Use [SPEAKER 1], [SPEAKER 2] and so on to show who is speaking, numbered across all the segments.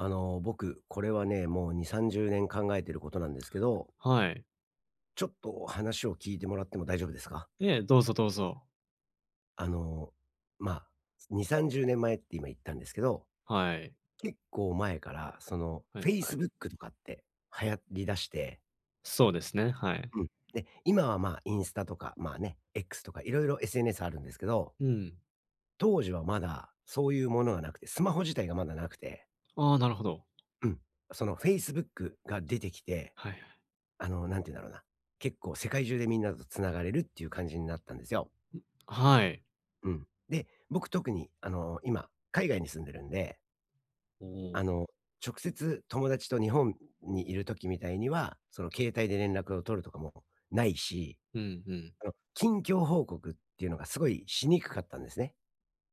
[SPEAKER 1] あの僕、これはね、もう2、30年考えてることなんですけど。
[SPEAKER 2] はい。
[SPEAKER 1] ちょっとお話を聞いてもらっても大丈夫ですか？
[SPEAKER 2] え、どうぞどうぞ。
[SPEAKER 1] あのま、2、30年って今言ったんですけど。
[SPEAKER 2] はい。
[SPEAKER 1] 結構前から、その
[SPEAKER 2] はいはい。
[SPEAKER 1] Facebook とかって流行り出して。
[SPEAKER 2] そうですね、はい。
[SPEAKER 1] うん。ね。今はま、インスタとか、ま、ね、X とか色々 SNS あるんですけど。
[SPEAKER 2] うん。
[SPEAKER 1] 当時はまだそういうものがなくて、スマホ自体がまだなくて。
[SPEAKER 2] あ、なるほど。
[SPEAKER 1] うん、その Facebook が出てきて、
[SPEAKER 2] はいはい。
[SPEAKER 1] あの何て言うんだろうな、結構世界中でみんなと繋がれるっていう感じになったんですよ。
[SPEAKER 2] ん、あ、はい。
[SPEAKER 1] うん。で、僕特にあの今海外に住んでるんで。
[SPEAKER 2] お
[SPEAKER 1] あ
[SPEAKER 2] お。
[SPEAKER 1] の、直接友達と日本にいる時みたいにはその携帯で連絡を取るとかもないし。
[SPEAKER 2] うんうん。
[SPEAKER 1] あの、近況報告っていうのがすごいしにくかったんですね。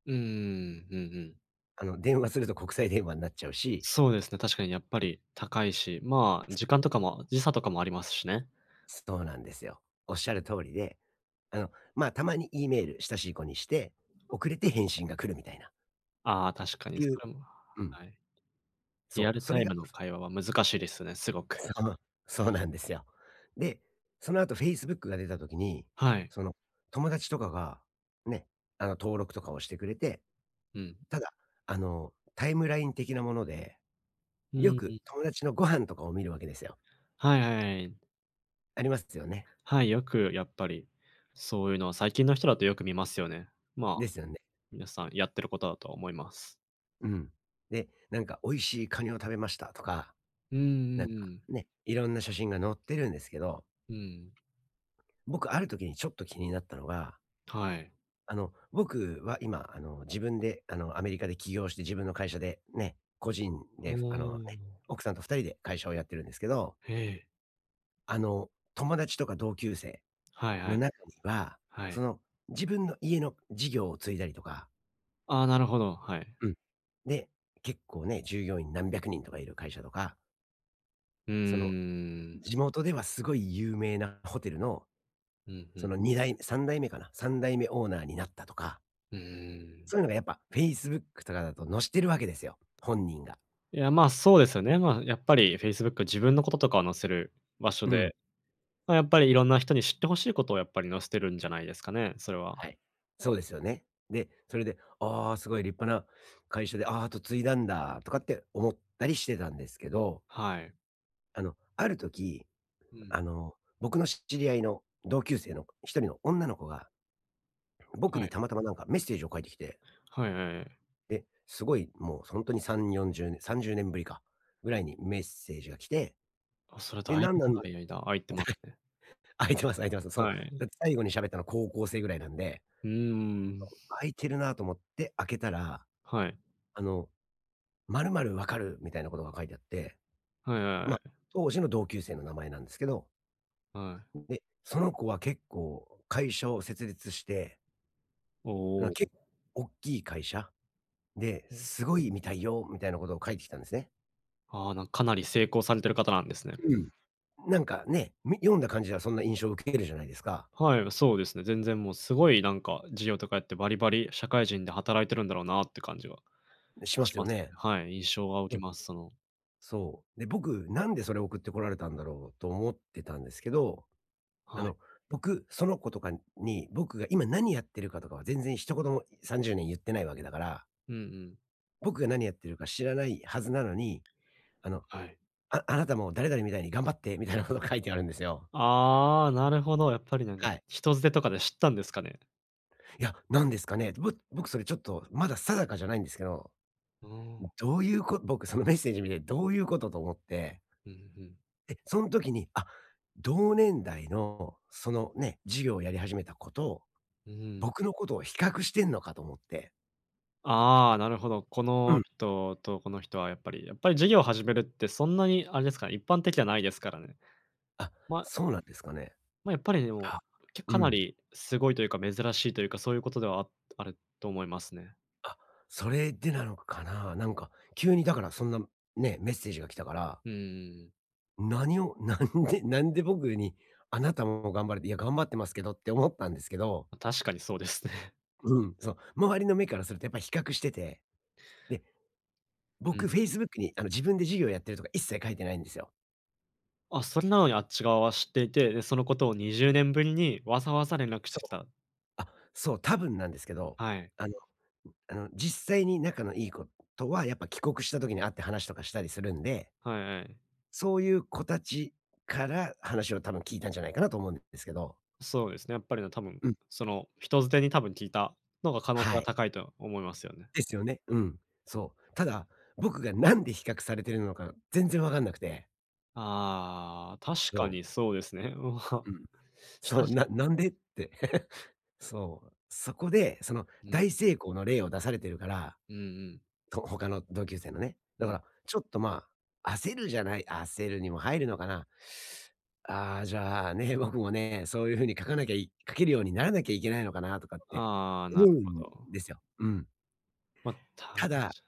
[SPEAKER 2] うんうんうん、うんうん。
[SPEAKER 1] あの、電話すると国際電話になっちゃうし。
[SPEAKER 2] そうですね、確かにやっぱ
[SPEAKER 1] うん。
[SPEAKER 2] り高いし、まあ、時間とかも時差とかもありますしね。
[SPEAKER 1] そうなんですよ。おっしゃる通りで、あの、ま、たまに E メール、親しい子にして、遅れて
[SPEAKER 2] [unintelligible]
[SPEAKER 1] 返信が来るみたいな。
[SPEAKER 2] ああ、確かに
[SPEAKER 1] て
[SPEAKER 2] そ
[SPEAKER 1] いう
[SPEAKER 2] れも
[SPEAKER 1] うん。
[SPEAKER 2] はい。リア
[SPEAKER 1] そう、
[SPEAKER 2] ル
[SPEAKER 1] そ
[SPEAKER 2] タ
[SPEAKER 1] れ
[SPEAKER 2] イ
[SPEAKER 1] が
[SPEAKER 2] ムの会話は難しいですね、すご
[SPEAKER 1] そ
[SPEAKER 2] く。
[SPEAKER 1] う、そうなんですよ。で、そのあと、Facebook が出た時に、
[SPEAKER 2] はい。
[SPEAKER 1] その、友達とかが、ね、あの、登録とかをしてくれて。
[SPEAKER 2] うん。
[SPEAKER 1] ただ、あの、タイムライン的なもので、
[SPEAKER 2] う
[SPEAKER 1] よ
[SPEAKER 2] ん、
[SPEAKER 1] く
[SPEAKER 2] う。
[SPEAKER 1] 友達のご飯とかを見るわけですよ。
[SPEAKER 2] はいはいはい。
[SPEAKER 1] ありますよね？
[SPEAKER 2] はい、よくやっぱり、そういうのは最近の人だとよく見ますよね。まあ、
[SPEAKER 1] ですよね。
[SPEAKER 2] 皆さんやってることだとは思います。
[SPEAKER 1] うん。で、なんか、「美味しいカニを食べました」とか、
[SPEAKER 2] うんう
[SPEAKER 1] なん
[SPEAKER 2] ん
[SPEAKER 1] か
[SPEAKER 2] うん。
[SPEAKER 1] ね、いろんな写真が載ってるんですけど。
[SPEAKER 2] うん。
[SPEAKER 1] 僕、ある時にちょっと気になったのが
[SPEAKER 2] はい。
[SPEAKER 1] あの、僕は今、あの、自分で、あの、アメリカで起業して自分の会社でね、個人
[SPEAKER 2] ほ
[SPEAKER 1] で、あの、ね、
[SPEAKER 2] お。
[SPEAKER 1] 奥さんと2人で会社をやってるんですけど
[SPEAKER 2] へえ。
[SPEAKER 1] あの、友達とか同級生
[SPEAKER 2] はいは
[SPEAKER 1] の
[SPEAKER 2] い。
[SPEAKER 1] 中には、
[SPEAKER 2] は
[SPEAKER 1] そ
[SPEAKER 2] い。
[SPEAKER 1] の、自分の家の事業を継いだりとか
[SPEAKER 2] ああ、なるほど、はい。
[SPEAKER 1] うん。で、結構ね、従業員何百人とかいる会社とか
[SPEAKER 2] う
[SPEAKER 1] その、
[SPEAKER 2] ーん。
[SPEAKER 1] 地元ではすごい有名なホテルの、
[SPEAKER 2] うん、ふ
[SPEAKER 1] そ
[SPEAKER 2] ん。
[SPEAKER 1] の2代目3代目かな？3代目オーナーになったとか
[SPEAKER 2] うん。
[SPEAKER 1] そういうのが、やっぱ Facebook とかだと載してるわけですよ、本人が。
[SPEAKER 2] いや、ま、そうですよね。まあ、やっぱり Facebook 自分のこととかを載せる場所
[SPEAKER 1] うん。
[SPEAKER 2] で、ま、やっぱりいろんな人に知って欲しいことをやっぱり載せてるんじゃないですかね、それは。
[SPEAKER 1] はい、そうですよね。で、それで「あ、すごい立派な会社で、あ、跡継いだんだ」とかって思ったりしてたんですけど
[SPEAKER 2] はい。
[SPEAKER 1] あの、ある時、
[SPEAKER 2] うん。
[SPEAKER 1] あの、僕の知り合いの同級生の一人の女の子が、
[SPEAKER 2] は
[SPEAKER 1] 僕に
[SPEAKER 2] い。
[SPEAKER 1] たまたま何かメッセージを書いてきて
[SPEAKER 2] はいはいはい。
[SPEAKER 1] え、すごいもうほんとに3、40ね30年ぶりか？ぐらいにメッセージが来て。
[SPEAKER 2] あ、それは
[SPEAKER 1] で、
[SPEAKER 2] だい
[SPEAKER 1] なん
[SPEAKER 2] ぶ
[SPEAKER 1] なんだ
[SPEAKER 2] 長い間空いてますね。
[SPEAKER 1] 空いてます空いてます。その、
[SPEAKER 2] はい。
[SPEAKER 1] だって最後にしゃべったのは高校生ぐらいなんで。
[SPEAKER 2] うー
[SPEAKER 1] そ
[SPEAKER 2] ん。
[SPEAKER 1] う。空いてるなと思って開けたら、
[SPEAKER 2] はい。
[SPEAKER 1] あの、まるまる分かる？みたいなことが書いてあって、
[SPEAKER 2] はいはいは
[SPEAKER 1] ま、
[SPEAKER 2] い。
[SPEAKER 1] 当時の同級生の名前なんですけど。
[SPEAKER 2] はい。
[SPEAKER 1] で、その子は結構会社を設立して
[SPEAKER 2] お
[SPEAKER 1] あ
[SPEAKER 2] お
[SPEAKER 1] の、
[SPEAKER 2] お、
[SPEAKER 1] け
[SPEAKER 2] お
[SPEAKER 1] っ
[SPEAKER 2] う。
[SPEAKER 1] おっきい会社で、
[SPEAKER 2] お。
[SPEAKER 1] すごいみたいよみたいなことを書いてきたんですね。
[SPEAKER 2] ああ、なん、かなり成功されてる方なんですね。
[SPEAKER 1] うん、なんかね、み読んだ感じはそんな印象を受けえるじゃないですか。
[SPEAKER 2] はい、あ、そうですね、全然もう、すごい、なんか、事業とかやってバリバリ社会人で働いてるんだろうなって感じは
[SPEAKER 1] ね、しま
[SPEAKER 2] し
[SPEAKER 1] すよ
[SPEAKER 2] ます、
[SPEAKER 1] ね。
[SPEAKER 2] はい、印象は受
[SPEAKER 1] う
[SPEAKER 2] け
[SPEAKER 1] ん。
[SPEAKER 2] ます、その
[SPEAKER 1] そう。で、僕、なんでそれ送ってこられたんだろうと思ってたんですけど、
[SPEAKER 2] は
[SPEAKER 1] あ
[SPEAKER 2] い。
[SPEAKER 1] の、僕、その子とかに、僕が今何やってるかとかは全然一言も、30年ゆってないわけだから
[SPEAKER 2] うんうん。
[SPEAKER 1] 僕が何やってるか知らないはずなのに、あの、
[SPEAKER 2] はい。
[SPEAKER 1] 「ああなたも誰々みたいに頑張って」みたいなこと書いてあるんですよ。
[SPEAKER 2] ああ、なるほど。やっぱり、なんか、
[SPEAKER 1] はい。
[SPEAKER 2] 人づてとかで知ったんですかね。
[SPEAKER 1] いや、なんですかね、ぼ僕それ、ちょっと、まだ定かじゃないんですけど、
[SPEAKER 2] うーん。
[SPEAKER 1] どういうこ僕そのメッセージを見て、どういうこと？と思って。
[SPEAKER 2] う、ふ、ふん。
[SPEAKER 1] え、そん時に、あ、同年代の、その、ね、事業やり始めた子と、
[SPEAKER 2] うーん。
[SPEAKER 1] 僕のことを比較してんのかと思って。
[SPEAKER 2] ああ、なるほど。こ
[SPEAKER 1] う
[SPEAKER 2] の
[SPEAKER 1] ん。
[SPEAKER 2] 人と、この人はやっぱりやっぱり事業を始めるってそんなにあれですか、一般的じゃないですからね。
[SPEAKER 1] あ、
[SPEAKER 2] ま
[SPEAKER 1] そうなんですかね。
[SPEAKER 2] ま、やっぱりでも、
[SPEAKER 1] あ、
[SPEAKER 2] け
[SPEAKER 1] う
[SPEAKER 2] かな
[SPEAKER 1] ん。
[SPEAKER 2] りすごいというか、珍しいというか、そういうことでは、ああると思いますね。
[SPEAKER 1] あ、それでなのかな。なんか急にだからそんな、ね、メッセージが来たから。
[SPEAKER 2] うーん。
[SPEAKER 1] 何を、なんでなんで僕に、あなたも頑張れて、いや、頑張ってますけどって思ったんですけど。
[SPEAKER 2] ま、確かにそうですね。
[SPEAKER 1] うん。そう。周りの目からするとやっぱり比較してて、で、
[SPEAKER 2] うん
[SPEAKER 1] 僕
[SPEAKER 2] うん。
[SPEAKER 1] Facebook にあの自分で事業やってるとか一切書いてないんですよ。
[SPEAKER 2] あ、それなのにあっち側は知っていて、で、そのことを20年ぶりにわざわざ連絡し
[SPEAKER 1] そ
[SPEAKER 2] てき
[SPEAKER 1] う。
[SPEAKER 2] た。
[SPEAKER 1] あ、そう、多分なんですけど、
[SPEAKER 2] はい。
[SPEAKER 1] あのあの実際に仲のいい子とはやっぱ帰国した時に会って話とかしたりするんで。
[SPEAKER 2] はいはい。
[SPEAKER 1] そういう子たちから話を多分聞いたんじゃないかなと思うんですけど。
[SPEAKER 2] そうですね。やっぱりね、多分、
[SPEAKER 1] うん。
[SPEAKER 2] その人づてに多分聞いたのが可能性
[SPEAKER 1] は
[SPEAKER 2] が
[SPEAKER 1] い。
[SPEAKER 2] 高いと思いますよね。
[SPEAKER 1] ですよね。うん。そう。ただ、僕が何で比較されてるのか全然分かんなくて。
[SPEAKER 2] ああ、確か
[SPEAKER 1] そう。
[SPEAKER 2] にそうですね。うは、
[SPEAKER 1] うん。そう、
[SPEAKER 2] 親し
[SPEAKER 1] ななんでって。そう。そこで、その
[SPEAKER 2] うん。
[SPEAKER 1] 大成功の例を出されてるから、
[SPEAKER 2] うんうん。
[SPEAKER 1] と他の同級生のね。だ
[SPEAKER 2] う
[SPEAKER 1] か
[SPEAKER 2] ん。
[SPEAKER 1] ら、ちょっと、まあ、焦るじゃない焦るにも入るのかな。あ、じゃあ、ね、僕もね、そういう風に書かなきゃい書けるようにならなきゃいけないのかなとかって
[SPEAKER 2] ああ、
[SPEAKER 1] 思
[SPEAKER 2] なる
[SPEAKER 1] う
[SPEAKER 2] ほ
[SPEAKER 1] ん
[SPEAKER 2] ど。
[SPEAKER 1] ですよ。うん。
[SPEAKER 2] ま、多分
[SPEAKER 1] ただ、
[SPEAKER 2] ち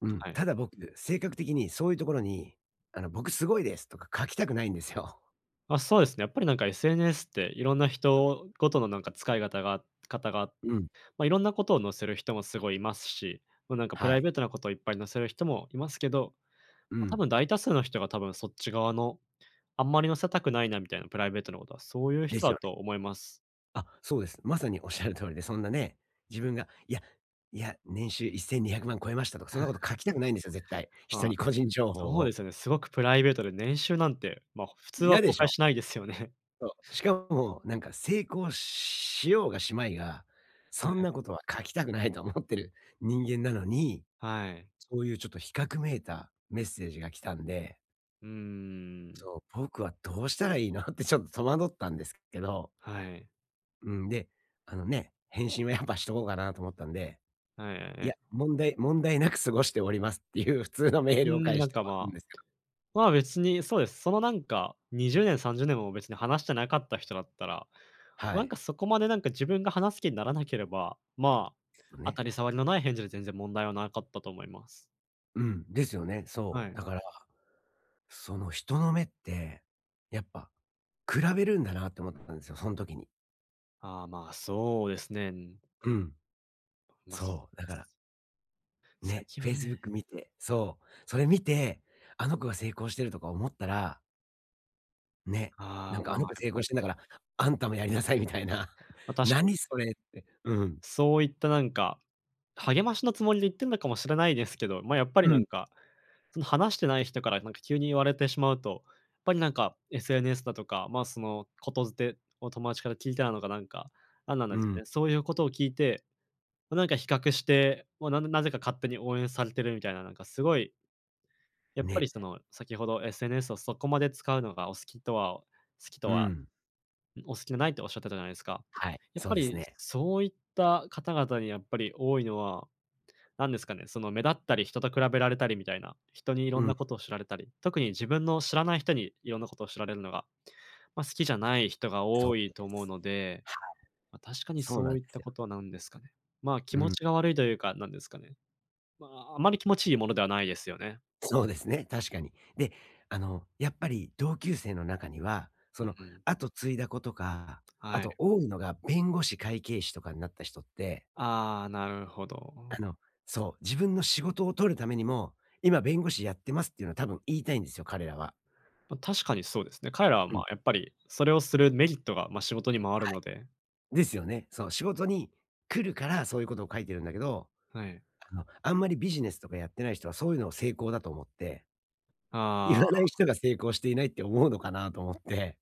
[SPEAKER 1] うん。
[SPEAKER 2] はい。
[SPEAKER 1] ただ僕、性格的にそういうところに、あの「僕すごいです」とか書きたくないんですよ。
[SPEAKER 2] ま、そうですね、やっぱり、なんか、SNS っていろんな人ごとの、なんか、使い方があかたが
[SPEAKER 1] うん。
[SPEAKER 2] ま、いろんなことを載せる人もすごいいますし、もう、なんか、プ
[SPEAKER 1] は
[SPEAKER 2] ライ
[SPEAKER 1] い。
[SPEAKER 2] ベートなこといっぱい載せる人もいますけど、
[SPEAKER 1] う
[SPEAKER 2] ま、多
[SPEAKER 1] ん。
[SPEAKER 2] 分大多数の人が多分そっち側の、あんまり載せたくないなみたいな、プライベートなことは、そういう
[SPEAKER 1] で
[SPEAKER 2] 人
[SPEAKER 1] す
[SPEAKER 2] だ
[SPEAKER 1] よね。
[SPEAKER 2] と思います。
[SPEAKER 1] あ、そうです。まさにおっしゃる通りで、そんなね、自分が、いやいや、年収1200万超えましたとか、そんなこと書 きたくないんですよ、絶対。人
[SPEAKER 2] ま
[SPEAKER 1] に、
[SPEAKER 2] あ、
[SPEAKER 1] 個人情報
[SPEAKER 2] そうで
[SPEAKER 1] を。
[SPEAKER 2] すよね。すごくプライベートで年収なんて、ま、ほ普通は
[SPEAKER 1] 嫌で
[SPEAKER 2] 公
[SPEAKER 1] し
[SPEAKER 2] 開
[SPEAKER 1] ょ？
[SPEAKER 2] しないですよね。
[SPEAKER 1] そう、しかも、なんか、成功しようがしまいが、
[SPEAKER 2] は
[SPEAKER 1] そん
[SPEAKER 2] い。
[SPEAKER 1] なことは書きたくないと思ってる人間なのに、
[SPEAKER 2] はい。
[SPEAKER 1] そういうちょっと比較めいたメッセージが来たんで
[SPEAKER 2] うーん。
[SPEAKER 1] そう、「僕は、どうしたらいいの？」ってちょっ、戸惑ったんですけど
[SPEAKER 2] はい。
[SPEAKER 1] うん、で、あのね、返信はやっぱしとこうかなと思ったんで。
[SPEAKER 2] はい、あ、
[SPEAKER 1] いや、
[SPEAKER 2] え。
[SPEAKER 1] 問題問題なく過ごしておりますっていう普通のメー
[SPEAKER 2] う
[SPEAKER 1] ルを
[SPEAKER 2] ーん、
[SPEAKER 1] 返し
[SPEAKER 2] なん
[SPEAKER 1] て終
[SPEAKER 2] か、
[SPEAKER 1] わるん
[SPEAKER 2] ま、
[SPEAKER 1] ですけど。
[SPEAKER 2] まあ、別にそうです、その、なんか、20年、30年も別に話してなかった人だったら、
[SPEAKER 1] は
[SPEAKER 2] なん
[SPEAKER 1] い。
[SPEAKER 2] か、そこまで、なんか、自分が話す気にならなければ、まあ、
[SPEAKER 1] も、
[SPEAKER 2] 当
[SPEAKER 1] ね。
[SPEAKER 2] たり障りのない返事で全然問題はなかったと思います。
[SPEAKER 1] うん、ですよね。
[SPEAKER 2] は
[SPEAKER 1] そう。
[SPEAKER 2] い。
[SPEAKER 1] だから、その、人の目ってやっぱ比べるんだなって思ったんですよ。その時に。
[SPEAKER 2] ああ、まあ、そうですね。うん。
[SPEAKER 1] うん、
[SPEAKER 2] まあ、す
[SPEAKER 1] そう。だから
[SPEAKER 2] 最
[SPEAKER 1] ね、
[SPEAKER 2] 近はね。
[SPEAKER 1] Facebook 見てそう。それ見て、あの子が成功してるとか思ったらね。
[SPEAKER 2] あ
[SPEAKER 1] 「な
[SPEAKER 2] あ。
[SPEAKER 1] んか
[SPEAKER 2] まあ。
[SPEAKER 1] あの子
[SPEAKER 2] やっ
[SPEAKER 1] 成
[SPEAKER 2] ぱ
[SPEAKER 1] 功
[SPEAKER 2] り。
[SPEAKER 1] してんだから、あんたもやりなさい」みたいな。
[SPEAKER 2] ま、確かに。
[SPEAKER 1] 何それって。うん。
[SPEAKER 2] そういった、なんか、励ましのつもりで言ってんのかもしれないですけど。ま、やっぱり
[SPEAKER 1] う
[SPEAKER 2] な
[SPEAKER 1] ん。
[SPEAKER 2] んか、その、話してない人からなんか急に言われてしまうと、やっぱりなんか、SNS だとか、ま、その言伝を友達から聞いたのかなんかなんなん
[SPEAKER 1] う
[SPEAKER 2] ですか
[SPEAKER 1] ん。
[SPEAKER 2] ね、そういうことを聞いて、ま、なんか比較して、ま、なんなぜか勝手に応援されてるみたいな、なんかすごいやっぱり
[SPEAKER 1] ね。
[SPEAKER 2] その、先ほど、SNS をそこまで使うのがお好きとは好きと
[SPEAKER 1] う
[SPEAKER 2] は
[SPEAKER 1] ん。
[SPEAKER 2] お好きじゃないって仰ってたじゃないですか。
[SPEAKER 1] はい、
[SPEAKER 2] やっ
[SPEAKER 1] そう
[SPEAKER 2] ぱ
[SPEAKER 1] です
[SPEAKER 2] り、
[SPEAKER 1] ね。
[SPEAKER 2] そういった方々にやっぱり多いのは、何ですかね、その、目立ったり、人と比べられたりみたいな、人にいろ
[SPEAKER 1] う
[SPEAKER 2] んな
[SPEAKER 1] ん。
[SPEAKER 2] ことを知られたり特に自分の知らない人に色んなことを知られるのが、ま、好きじゃない人が
[SPEAKER 1] そう
[SPEAKER 2] 多
[SPEAKER 1] なん
[SPEAKER 2] い
[SPEAKER 1] で
[SPEAKER 2] と思うので。
[SPEAKER 1] す、はい。
[SPEAKER 2] ま、確かに、
[SPEAKER 1] そうな
[SPEAKER 2] そ
[SPEAKER 1] ん
[SPEAKER 2] う
[SPEAKER 1] で
[SPEAKER 2] いっ
[SPEAKER 1] す
[SPEAKER 2] た
[SPEAKER 1] よ。
[SPEAKER 2] ことは、なんですかね。ま、気
[SPEAKER 1] う
[SPEAKER 2] 持
[SPEAKER 1] ん。
[SPEAKER 2] ちが悪いというか、なんですかね。ま、あまり気持ちいいものではないですよね。
[SPEAKER 1] そうですね、確かに。で、あの、やっぱり同級生の中には、
[SPEAKER 2] う
[SPEAKER 1] そ
[SPEAKER 2] ん
[SPEAKER 1] の、
[SPEAKER 2] うん。
[SPEAKER 1] 跡継いだ子とかあ
[SPEAKER 2] はい。
[SPEAKER 1] と多いのが弁護士、会計士とかになった人って
[SPEAKER 2] ああ、なるほ
[SPEAKER 1] あ
[SPEAKER 2] ど。
[SPEAKER 1] の、そう。自分の仕事を取るためにも「今、弁護士やってます」っていうのは、多分言いたいんですよ。彼らは。
[SPEAKER 2] ま、確かにそうですね。彼らは、ま
[SPEAKER 1] う
[SPEAKER 2] あ、
[SPEAKER 1] ん。
[SPEAKER 2] やっぱり、それをするメリットが、ま、仕事にもある
[SPEAKER 1] は
[SPEAKER 2] の
[SPEAKER 1] い。
[SPEAKER 2] で。
[SPEAKER 1] ですよね。そう。仕事に来るから、そういうことを書いてるんだけど。
[SPEAKER 2] はい。
[SPEAKER 1] あの、あんまりビジネスとかやってない人は、そういうのを成功だと思って、
[SPEAKER 2] あ
[SPEAKER 1] 言わな
[SPEAKER 2] あ。
[SPEAKER 1] い人が成功していないって思うのかな、と思って。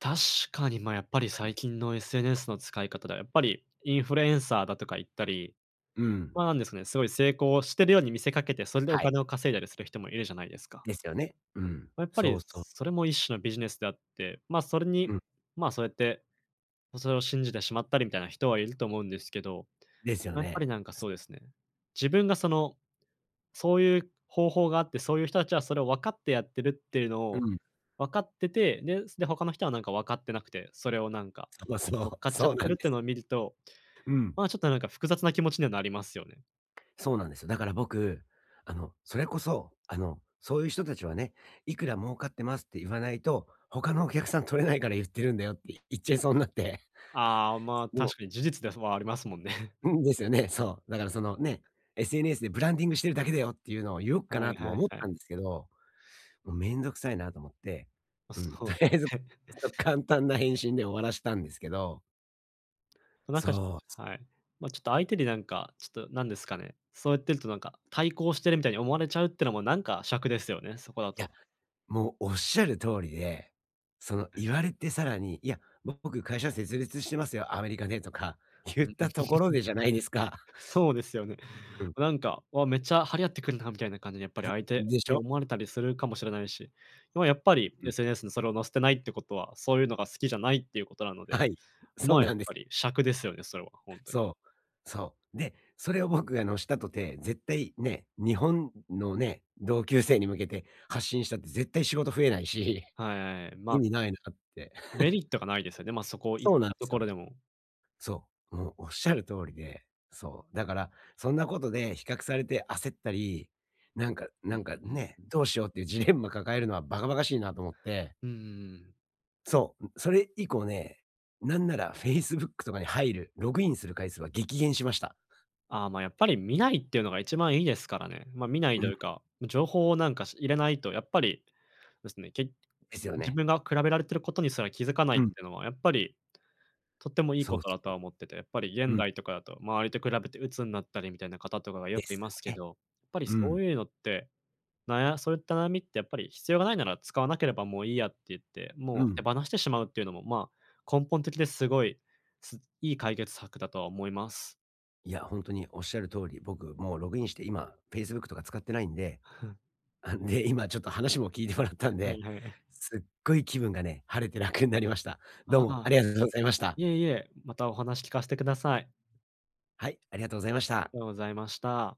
[SPEAKER 2] 確かに、ま、やっぱり
[SPEAKER 1] はい。
[SPEAKER 2] 最近の SNS の使い方では、やっぱりインフルエンサーだとか言ったり、
[SPEAKER 1] うん。
[SPEAKER 2] ま、なんですかね、すごい成功してるように見せかけて、それでお
[SPEAKER 1] はい。
[SPEAKER 2] 金を稼いだりする人もいるじゃないですか。
[SPEAKER 1] ですよね。うん。
[SPEAKER 2] ま、やっぱ
[SPEAKER 1] そ
[SPEAKER 2] り
[SPEAKER 1] うそう。
[SPEAKER 2] それも一種のビジネスであって、まあ、それ
[SPEAKER 1] う
[SPEAKER 2] に、
[SPEAKER 1] ん。
[SPEAKER 2] まあ、そうやって、それを信じてしまったりみたいな人はいると思うんですけど、
[SPEAKER 1] ですよ
[SPEAKER 2] ま、やっぱり
[SPEAKER 1] ね。
[SPEAKER 2] なんかそうですね。自分がその、そういう方法があって、そういう人たちはそれを分かってやってるっていうの
[SPEAKER 1] う
[SPEAKER 2] を
[SPEAKER 1] ん。
[SPEAKER 2] 分かってて、で、で他の人はなんか分かってなくて、それをなんか、
[SPEAKER 1] そう
[SPEAKER 2] 何ですか。
[SPEAKER 1] そ
[SPEAKER 2] 乗っ
[SPEAKER 1] う。
[SPEAKER 2] かっちゃっ
[SPEAKER 1] そう
[SPEAKER 2] て
[SPEAKER 1] な
[SPEAKER 2] る
[SPEAKER 1] ん
[SPEAKER 2] っ
[SPEAKER 1] で
[SPEAKER 2] てい
[SPEAKER 1] す。
[SPEAKER 2] うのを見ると、
[SPEAKER 1] うん。
[SPEAKER 2] ま、ちょっとなんか複雑な気持ちにはなりますよね。
[SPEAKER 1] そうなんですよ。だから僕、あのそれこそ、あの、そういう人たちはね。いくら儲かってますって言わないと、他のお客さん取れないから言ってるんだよって言っちゃいそうになって。
[SPEAKER 2] ああ、まあ、
[SPEAKER 1] そう。
[SPEAKER 2] 確かに事実では、ふ、はありますもんね。
[SPEAKER 1] うん。ですよね。そう、だからその、ね、SNS でブランディングしてるだけだよっていうのを言おうか
[SPEAKER 2] はい
[SPEAKER 1] なとも
[SPEAKER 2] はい
[SPEAKER 1] 思っ
[SPEAKER 2] はい。
[SPEAKER 1] たんですけど、もう面倒くさいなと思って、
[SPEAKER 2] あ、
[SPEAKER 1] うん。
[SPEAKER 2] そ
[SPEAKER 1] と
[SPEAKER 2] う
[SPEAKER 1] り
[SPEAKER 2] で
[SPEAKER 1] あえず、
[SPEAKER 2] すね。
[SPEAKER 1] そ、簡単な返信で終わらしたんですけど。
[SPEAKER 2] なん
[SPEAKER 1] そ
[SPEAKER 2] かし
[SPEAKER 1] う。
[SPEAKER 2] はい。まちょっと相手になんか、ちょっとなんですかね、そうやってるとなんか、対抗してるみたいに思われちゃうっていうのもなんか、癪ですよね、そこだ
[SPEAKER 1] い
[SPEAKER 2] と。
[SPEAKER 1] や、もうおっしゃる通りで、その
[SPEAKER 2] [unintelligible]
[SPEAKER 1] 言われてさらに、いや、ぼ僕会社設立してますよ、アメリカでとかゆったところでじゃないです か。
[SPEAKER 2] そうですよね。
[SPEAKER 1] うん。
[SPEAKER 2] なんか、わ、めっちゃ張り合ってくるなみたいな感じで、やっぱり
[SPEAKER 1] ふ、
[SPEAKER 2] 相手
[SPEAKER 1] でし
[SPEAKER 2] に
[SPEAKER 1] ょ。
[SPEAKER 2] 思われたりするかもしれないし、ま、やっぱり
[SPEAKER 1] うん。
[SPEAKER 2] SNS にそれを載せてないってことは、そういうのが好きじゃないっていうことなので、
[SPEAKER 1] はい、そう
[SPEAKER 2] ま、やっ
[SPEAKER 1] なんです。
[SPEAKER 2] ぱり癪ですよね、それは、本当に。
[SPEAKER 1] そう、そう。で、それを僕がのしたとて、絶対ね、日本のね、同級生に向けて発信したって絶対仕事増えないし、
[SPEAKER 2] はい、
[SPEAKER 1] 意
[SPEAKER 2] ま
[SPEAKER 1] 味ないなって。
[SPEAKER 2] メ リットがないですよね。ま、そこをいっ
[SPEAKER 1] そうなん
[SPEAKER 2] た
[SPEAKER 1] で
[SPEAKER 2] と
[SPEAKER 1] す
[SPEAKER 2] ころ
[SPEAKER 1] よ。
[SPEAKER 2] でも。
[SPEAKER 1] そう、もうおっしゃる通りで、そう、だから、そんなことで比較されて焦ったり、なんか、
[SPEAKER 2] う
[SPEAKER 1] な
[SPEAKER 2] ん
[SPEAKER 1] んか
[SPEAKER 2] うん-うん
[SPEAKER 1] ね、
[SPEAKER 2] うんうん。
[SPEAKER 1] どうしようっていうジレンマ抱えるのはバカバカしいなと思って。
[SPEAKER 2] うんうんうんうん。
[SPEAKER 1] そう、それ以降ね、なんならフェイスブックとかに入る、ログインする回数は激減しました。
[SPEAKER 2] ああ、ま、やっぱり見ないっていうのが一番いいですからね。ま、見ないと
[SPEAKER 1] う
[SPEAKER 2] い
[SPEAKER 1] ん。
[SPEAKER 2] うか、情報をなんか入れないとやっぱり、ですね。け
[SPEAKER 1] ですよ
[SPEAKER 2] 自
[SPEAKER 1] ね。
[SPEAKER 2] 分が比べられてることにすら気づかない
[SPEAKER 1] う
[SPEAKER 2] って
[SPEAKER 1] ん。
[SPEAKER 2] いうのはやっぱり、とってもいいこ
[SPEAKER 1] そう
[SPEAKER 2] とだとは
[SPEAKER 1] そ
[SPEAKER 2] 思ってて、やっぱり
[SPEAKER 1] う。
[SPEAKER 2] 現
[SPEAKER 1] うん。
[SPEAKER 2] 代とかだと、周りと比べて鬱になったりみたいな方とかがよ
[SPEAKER 1] で
[SPEAKER 2] くい
[SPEAKER 1] す
[SPEAKER 2] ますけ
[SPEAKER 1] よね。
[SPEAKER 2] ど、やっぱり
[SPEAKER 1] う
[SPEAKER 2] そ
[SPEAKER 1] ん。
[SPEAKER 2] ういうのって、なやそういった悩みってやっぱり、必要がないなら使わなければもういいやって言って、
[SPEAKER 1] う
[SPEAKER 2] もう手
[SPEAKER 1] ん。
[SPEAKER 2] 放してしまうっていうのも、まあ根本的ですごい、す、いい解決策だとは思います。
[SPEAKER 1] いや、本当におっしゃる通り、僕もうログインして今フェイスブックとか使ってないんで、あ、んで、今ちょっと話も聞いてもらったん
[SPEAKER 2] はい
[SPEAKER 1] で
[SPEAKER 2] はい。
[SPEAKER 1] すっごい気分がね、晴れて楽になりました。どう
[SPEAKER 2] あ
[SPEAKER 1] もあ
[SPEAKER 2] あ、
[SPEAKER 1] りがとうございました。
[SPEAKER 2] いえいえ、またお話聞かしてください。
[SPEAKER 1] はい、ありがとうございました。
[SPEAKER 2] ありがとうざいました。